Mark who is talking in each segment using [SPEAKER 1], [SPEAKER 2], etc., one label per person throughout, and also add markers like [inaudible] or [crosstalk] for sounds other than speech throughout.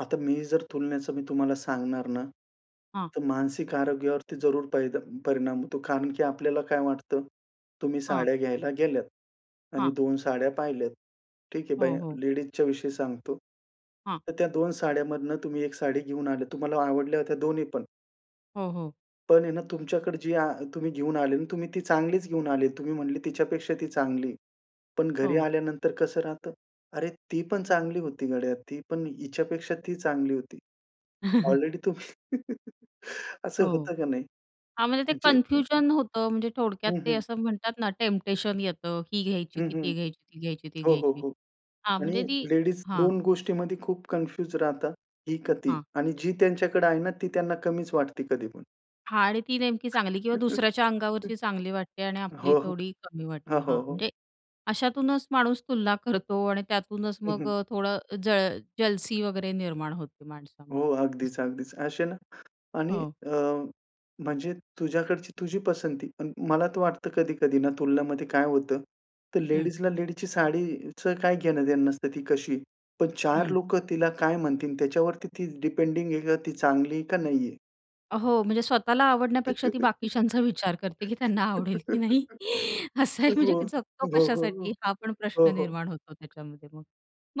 [SPEAKER 1] आता मी जर तुलण्याचं मी तुम्हाला सांगणार ना,
[SPEAKER 2] हां.
[SPEAKER 1] तर मानसिक आरोग्यावरती जरूर परी परिणाम होतो, कारण की आपल्याला काय वाटतं, तुम्ही
[SPEAKER 2] हां.
[SPEAKER 1] साड्या घ्यायला गेल्यात आणि
[SPEAKER 2] हां.
[SPEAKER 1] 2 साड्या पाहिल्यात. ठीक आहे
[SPEAKER 2] हो,
[SPEAKER 1] बाया
[SPEAKER 2] हो.
[SPEAKER 1] लेडीजच्या विषयी सांगतो.
[SPEAKER 2] हां.
[SPEAKER 1] तर त्या 2 साड्यांमधून तुम्ही 1 साडी घेऊन आलेत. तुम्हाला आवडल्या होत्या दोन्ही पण.
[SPEAKER 2] हो, हो.
[SPEAKER 1] पण आहे ना, तुमच्याकडे जी आ तुम्ही घेऊन आले ना, तुम्ही ती चांगलीच घेऊन आले. तुम्ही म्हणले, "तिच्यापेक्षा ती चांगली." पण घरी
[SPEAKER 2] हो.
[SPEAKER 1] आल्यानंतर कसं राहतं? "अरे, ती पण चांगली होती गड्या, ती पण हिच्यापेक्षा ती चांगली होती."
[SPEAKER 2] [chuckles]
[SPEAKER 1] ऑलरेडी तुम्ही [laughs] असं
[SPEAKER 2] हो.
[SPEAKER 1] होतं का नाही?
[SPEAKER 2] हां, म्हणजे ते
[SPEAKER 1] म्हणजे हं, हं, हं.
[SPEAKER 2] कन्फ्युजन होतं, म्हणजे थोडक्यात
[SPEAKER 1] हं,
[SPEAKER 2] ते
[SPEAKER 1] हं.
[SPEAKER 2] असं म्हणतात ना टेम्पटेशन येतं. ही घ्यायची,
[SPEAKER 1] हं,
[SPEAKER 2] की
[SPEAKER 1] हं.
[SPEAKER 2] ती घ्यायची, ती घ्यायची, ती
[SPEAKER 1] हो,
[SPEAKER 2] घ्यायची.
[SPEAKER 1] हो
[SPEAKER 2] हां,
[SPEAKER 1] आणि
[SPEAKER 2] म्हणजे ती
[SPEAKER 1] लेडीज
[SPEAKER 2] हां.
[SPEAKER 1] 2 गोष्टींमध्ये खूप कन्फ्युज राहतात, "ही का ती"
[SPEAKER 2] हां.
[SPEAKER 1] आणि जी त्यांच्याकडे आहे ना, ती त्यांना कमीच वाटते कधी पण.
[SPEAKER 2] हां आणि ती नेमकी चांगली किंवा दुसऱ्याच्या
[SPEAKER 1] [chuckles]
[SPEAKER 2] अंगावरची चांगली वाटते आणि आपली
[SPEAKER 1] हो.
[SPEAKER 2] थोडी कमी
[SPEAKER 1] हो,
[SPEAKER 2] वाटते. हां,
[SPEAKER 1] हो, हो.
[SPEAKER 2] म्हणजे अशातूनच माणूस तुलना करतो आणि त्यातूनच
[SPEAKER 1] हं,
[SPEAKER 2] मग
[SPEAKER 1] हं.
[SPEAKER 2] अ, थोडं जळ जलसी वगैरे निर्माण होते माणसामध्ये.
[SPEAKER 1] हो,
[SPEAKER 2] असं.
[SPEAKER 1] अगदीच, अगदीच. असे ना आणि
[SPEAKER 2] हो.
[SPEAKER 1] अ, म्हणजे तुझ्याकडची तुझी पसंती, पण मला तर वाटतं कधी-कधी ना तुलनामध्ये काय होतं, तर
[SPEAKER 2] हं.
[SPEAKER 1] लेडीजला लेडीजची साडीचं काय घेणं-देणं नसतं ती कशी, पण 4
[SPEAKER 2] हं.
[SPEAKER 1] लोक तिला काय म्हणतील त्याच्यावरती ती डिपेंडिंग आहे, का ती चांगली आहे का नाहीये.
[SPEAKER 2] हो, म्हणजे स्वतःला आवडण्यापेक्षा ती बाकीच्यांचा विचार करते की त्यांना आवडेल की नाही.
[SPEAKER 1] [chuckles]
[SPEAKER 2] असं आहे. म्हणजे
[SPEAKER 1] हो.
[SPEAKER 2] जगतो
[SPEAKER 1] हो, हो,
[SPEAKER 2] कशासाठी
[SPEAKER 1] हो.
[SPEAKER 2] हा पण
[SPEAKER 1] हो,
[SPEAKER 2] प्रश्न
[SPEAKER 1] हो.
[SPEAKER 2] निर्माण होतो त्याच्यामध्ये मग.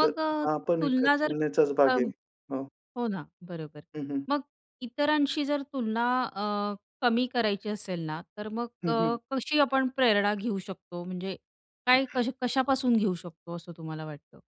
[SPEAKER 1] तर
[SPEAKER 2] अ,
[SPEAKER 1] हा पण एका
[SPEAKER 2] तुलना जर
[SPEAKER 1] तुलनेचाच
[SPEAKER 2] अ,
[SPEAKER 1] भाग आहे. हां.
[SPEAKER 2] हो ना. बरोबर.
[SPEAKER 1] हं, हं.
[SPEAKER 2] मग इतरांशी जर तुलना अ, कमी करायची असेल ना, तर मग
[SPEAKER 1] हं,
[SPEAKER 2] अ,
[SPEAKER 1] हं.
[SPEAKER 2] कशी आपण प्रेरणा घेऊ शकतो? म्हणजे काय कशा कशापासून घेऊ शकतो असं तुम्हाला वाटतं?